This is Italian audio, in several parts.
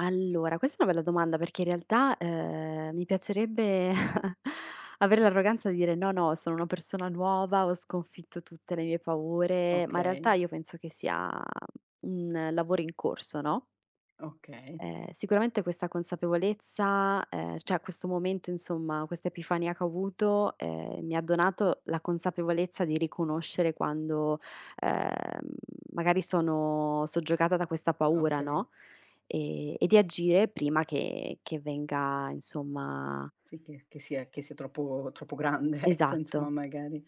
Allora, questa è una bella domanda perché in realtà, ehm, mi piacerebbe avere l'arroganza di dire: "No, no, sono una persona nuova, ho sconfitto tutte le mie paure", ma in realtà Okay. io penso che sia un lavoro in corso, no? Okay. Ehm, sicuramente questa consapevolezza, ehm, cioè a questo momento insomma, quest'epifania che ho avuto, ehm, mi ha donato la consapevolezza di riconoscere quando, ehm, magari sono soggiogata da questa paura, Okay. no, e e di agire prima che che venga, insomma Sì che che sia che sia troppo troppo grande, ecco insomma, Esatto. magari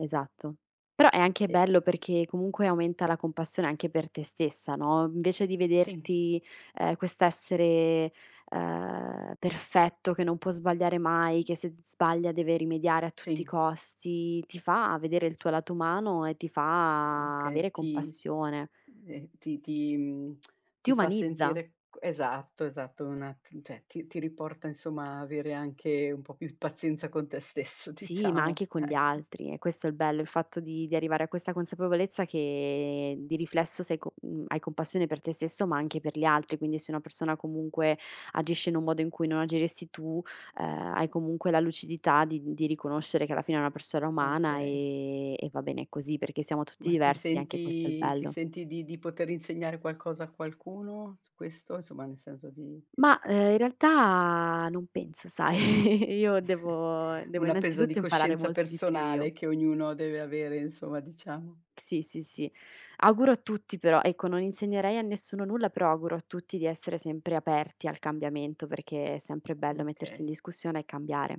Esatto. Però, è anche E bello mh. perché comunque aumenta la compassione anche per te stessa, no, invece di Sì. vederti, ehm, quest'essere, ehm, perfetto, che non può sbagliare mai, che se d sbaglia deve rimediare a tutti i Sì. costi, ti fa vedere il tuo lato umano e ti fa Okay, avere ti compassione. ehm, ti ti mhmm, Ti ti fa umanizza. sentire c esatto, esatto, un at cioè ti ti riporta insomma, a avere anche un po' più pazienza con te stesso Sì, ma diciamo, anche con gli ecco. altri. È questo il bello, il fatto di di arrivare a questa consapevolezza che, di riflesso sei co mhmm, hai compassione per te stesso, ma anche per gli altri. Quindi se una persona, comunque, agisce in un modo in cui non agiresti tu, ehm, hai comunque la lucidità di di riconoscere che alla fine è una Mhmm, persona umana e okay. e va bene così, perché siamo tutti Ma ti diversi e anche questo è il senti ti bello. senti di di poter insegnare qualcosa a qualcuno, su questo? Insomma nel senso di Mah, ehm, in realtà, non penso sai, io devo devo Una presa di innanzitutto imparare coscienza molto di più, io. personale, che ognuno deve avere, insomma diciamo. Sì, sì, sì. Auguro a tutti però ecco non insegnerei a nessuno nulla, però auguro a tutti di essere sempre aperti al cambiamento, perché è sempre bello mettersi in Okay. discussione e cambiare.